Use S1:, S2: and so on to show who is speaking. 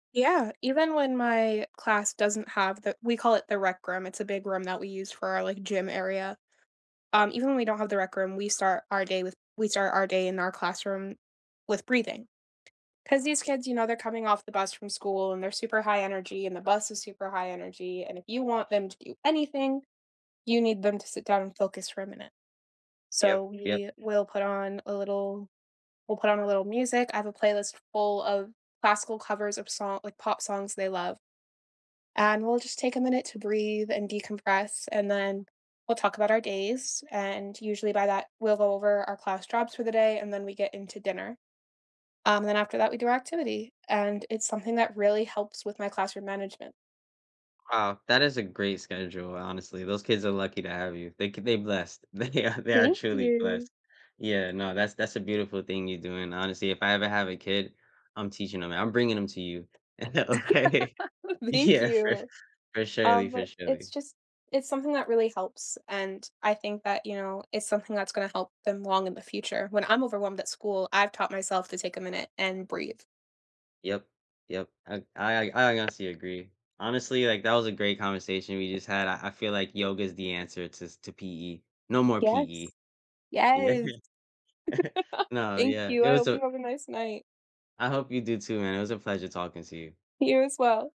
S1: Yeah, even when my class doesn't have the we call it "the rec room", it's a big room that we use for our, like, gym area. Um, even when we don't have the rec room, we start our day with we start our day in our classroom with breathing. 'Cause these kids, you know, they're coming off the bus from school and they're super high energy, and the bus is super high energy, and if you want them to do anything, you need them to sit down and focus for a minute. So,
S2: Yep, yep.
S1: we will put on a little we'll put on a little music. I have a playlist full of classical covers of song like pop songs they love and, we'll just take a minute to breathe, and decompress, and then we'll talk about our days and, usually by that we'll go over our class jobs for the day, and then we get into dinner, um, then after that we do our activity. And, it's something that really helps with my classroom management.
S2: Wow, that is a great schedule, honestly, those kids are lucky to have you. They c they blessed. They ar they are
S1: Thank
S2: truly
S1: you.
S2: blessed. Yeah, no, that's that's a beautiful thing you're doing, honestly, if I ever have a kid, I'm teaching 'em I'm bringing 'em to you. Okay?
S1: Thank
S2: Yeah, for
S1: you.
S2: for surely,
S1: Um,
S2: for
S1: but, it's
S2: surely.
S1: just it's something that really helps, and I think that, you know, it's something that's gonna help them long in the future, when I'm overwhelmed at school, I've taught myself to take a minute and breathe.
S2: Yep, yep, I I I I honestly, agree. Honestly, like, that was a great conversation we just had, I I feel like yoga’s the answer to s to PE. No more
S1: Yes.
S2: PE. Yeah,
S1: Yes.
S2: yeah. No,
S1: Thank
S2: yeah,
S1: you,
S2: it
S1: I
S2: was
S1: hope
S2: a
S1: you have a nice night.
S2: I hope you do too, man, it was a pleasure talking to you.
S1: You, as well.